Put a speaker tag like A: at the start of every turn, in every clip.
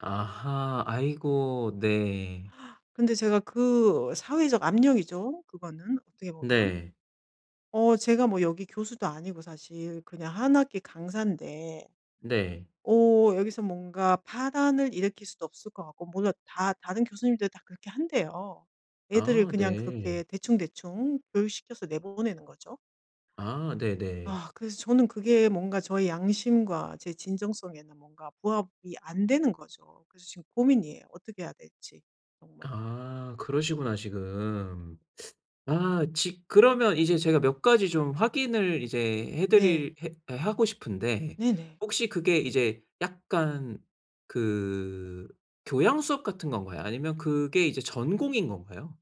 A: 아하. 아이고. 네.
B: 근데 제가 그 사회적 압력이죠. 그거는 어떻게 보면.
A: 네.
B: 어 제가 뭐 여기 교수도 아니고 사실 그냥 1 학기 강사인데
A: 네.
B: 어 여기서 뭔가 파란을 일으킬 수도 없을 것 같고 몰라 다 다른 교수님들 다 그렇게 한대요. 애들을
A: 아.
B: 그냥
A: 네.
B: 그렇게 대충대충 교육시켜서 내보내는 거죠.
A: 아. 네네.
B: 아 그래서 저는 그게 뭔가 저의 양심과 제 진정성에는 뭔가 부합이 안 되는 거죠. 그래서 지금 고민이에요. 어떻게 해야 될지 정말.
A: 아. 그러시구나 지금. 아 지 그러면 이제 제가 몇 가지 좀 확인을 이제
B: 네.
A: 해드릴 해 하고 싶은데
B: 네네.
A: 혹시 그게 이제 약간 그 교양 수업 같은 건가요? 아니면 그게 이제 전공인 건가요?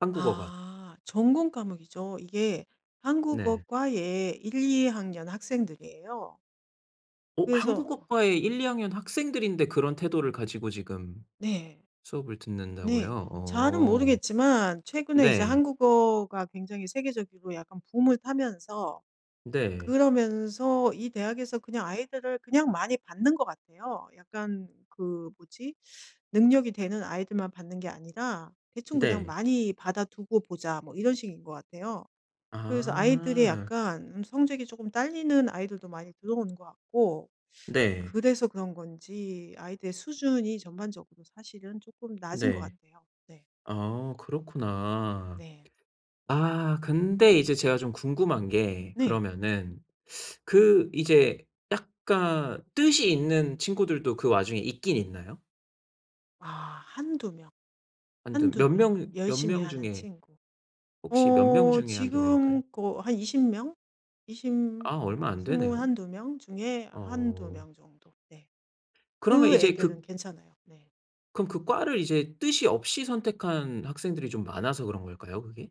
A: 한국어가?
B: 아 전공 과목이죠. 이게
A: 네.
B: 한국어과의 1-2 학년 학생들이에요.
A: 어
B: 그래서
A: 한국어과의 1-2 학년 학생들인데 그런 태도를 가지고 지금
B: 네.
A: 수업을
B: 네.
A: 듣는다고요.
B: 잘은
A: 어.
B: 모르겠지만 최근에 이제
A: 네.
B: 한국어가 굉장히 세계적이고 약간 붐을 타면서
A: 네.
B: 그러면서 이 대학에서 그냥 아이들을 그냥 많이 받는 것 같아요. 약간 그 뭐지? 능력이 되는 아이들만 받는 게 아니라 대충 그냥
A: 네.
B: 많이 받아두고 보자 뭐 이런 식인 것 같아요. 그래서 아이들이
A: 아.
B: 약간 음 성적이 쪼끔 딸리는 아이들도 많이 들어오는 것 같고
A: 네.
B: 그래서 그런 건지 아이들의 수준이 전반적으로 사실은 쪼끔 낮은 것
A: 네.
B: 같아요. 네.
A: 아. 그렇구나.
B: 네.
A: 아 근데 이제 제가 좀 궁금한 게
B: 네.
A: 그러면은 그 이제 약간 뜻이 있는 친구들도 그 와중에 있긴 있나요?
B: 아. 1-2 명,
A: 1-2 몇
B: 1-2 명.
A: 명, 몇
B: 열심히
A: 명
B: 하는
A: 중에
B: 친구.
A: 혹시 몇 명
B: 어
A: 중에 1-2 명일까요?
B: 지금 그 한 20 명, 20
A: 아 얼마 안 되네요.
B: 21-22 명 중에 1-2
A: 어
B: 명 정도. 네.
A: 그러면
B: 그
A: 이제
B: 애들은
A: 그
B: 괜찮아요. 네.
A: 그럼 그 과를 이제 뜻이 없이 선택한 학생들이 좀 많아서 그런 걸까요? 그게?